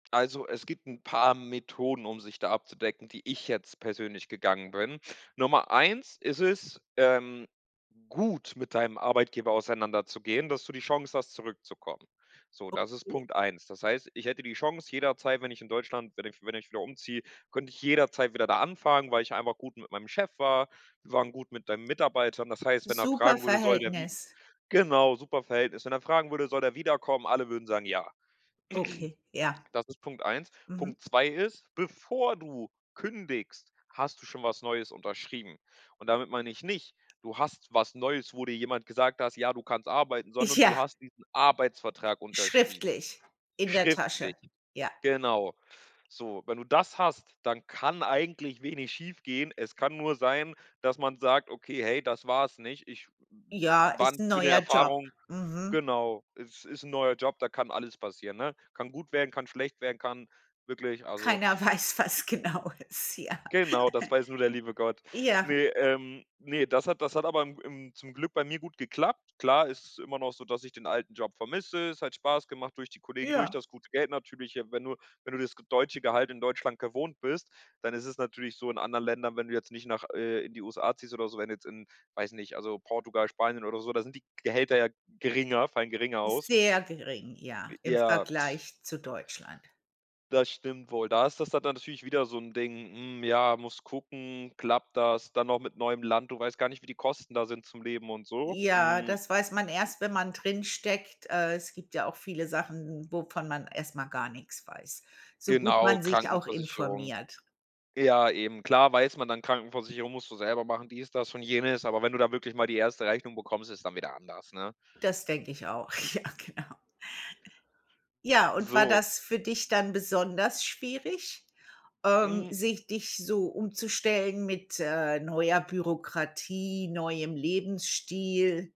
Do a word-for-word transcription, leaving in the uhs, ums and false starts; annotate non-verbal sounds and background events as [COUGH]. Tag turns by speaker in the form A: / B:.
A: Also, es gibt paar 'n Methoden, um sich da abzudecken, die ich jetzt persönlich gegangen bin. Nummer eins ist es, ähm, gut mit deinem Arbeitgeber auseinanderzugehen, dass du die Chance hast, zurückzukommen. So, das ist
B: Okay.
A: Punkt eins. Das heißt, ich hätte die Chance jederzeit, wenn ich in Deutschland wenn ich wenn ich wieder umziehe, könnte ich jederzeit wieder da anfangen, weil ich einfach gut mit meinem Chef war. Wir waren gut mit dein Mitarbeitern. Das heißt, wenn er
B: Super
A: fragen würde, soll der wie
B: Verhältnis.
A: Genau, super Verhältnis. Wenn er fragen würde: „Soll der wiederkommen?“ Alle würden sagen: „Ja.“
B: Okay, ja.
A: [CLEARS THROAT] Das ist Punkt eins.
B: Mhm.
A: Punkt zwei ist, bevor du kündigst, hast du schon was Neues unterschrieben. Und damit meine ich nicht, du hast was Neues, wo dir jemand gesagt hast: „Ja, du kannst arbeiten“, sondern du
B: Ja.
A: hast diesen Arbeitsvertrag unterschrieben.
B: Schriftlich. In der
A: Schriftlich,
B: Tasche. Ja.
A: genau. So, wenn du das hast, dann kann eigentlich wenig schiefgehen. Es kann nur sein, dass man sagt: „Okay, hey, das war's nicht. Ich
B: Ja,
A: war
B: ist
A: 'ne
B: 'n
A: schöne
B: neuer Job.
A: Erfahrung.“
B: Mhm.
A: Genau, es ist 'n neuer Job, da kann alles passieren, ne? Kann gut werden, kann schlecht werden, kann wirklich, also
B: Keiner weiß, was genau ist. Ja. [GIGGLES]
A: Genau, das weiß nur der liebe Gott.
B: Ja.
A: Ne, ähm, ne, das hat das hat aber im im zum Glück bei mir gut geklappt. Klar ist es immer noch so, dass ich den alten Job vermisse. Es hat Spaß gemacht, durch die Kollegen, durch
B: Ja.
A: das gute Geld natürlich. Wenn du wenn du das deutsche Gehalt in Deutschland gewohnt bist, dann ist es natürlich so in anderen Ländern, wenn du jetzt nicht nach äh, in die USA ziehst oder so, wenn du jetzt in, weiß nicht, also Portugal, Spanien oder so, da sind die Gehälter ja geringer, fallen geringer aus.
B: Sehr gering, ja,
A: Äh,
B: im
A: ja
B: Vergleich zu Deutschland.
A: das stimmt wohl. Da ist das da dann natürlich wieder so 'n Ding, hm, ja, musst gucken, klappt das? Dann noch mit neuem Land. Du weißt gar nicht, wie die Kosten da sind, zum Leben und so.
B: Ja,
A: Hm.
B: das weiß man erst, wenn man drinsteckt. Äh, es gibt ja auch viele Sachen, wovon man erst mal gar nichts weiß, so gut
A: Genau,
B: man sich auch
A: Krankenversicherung.
B: informiert.
A: Ja, eben, klar weiß man dann, Krankenversicherung musst du selber machen, dies, das und jenes, aber wenn du da wirklich mal die erste Rechnung bekommst, ist dann wieder anders, ne?
B: Das denke ich auch. Ja, genau. Ja, und war
A: So
B: das für dich dann besonders schwierig, ähm,
A: Hm.
B: sich dich so umzustellen mit, äh, neuer Bürokratie, neuem Lebensstil?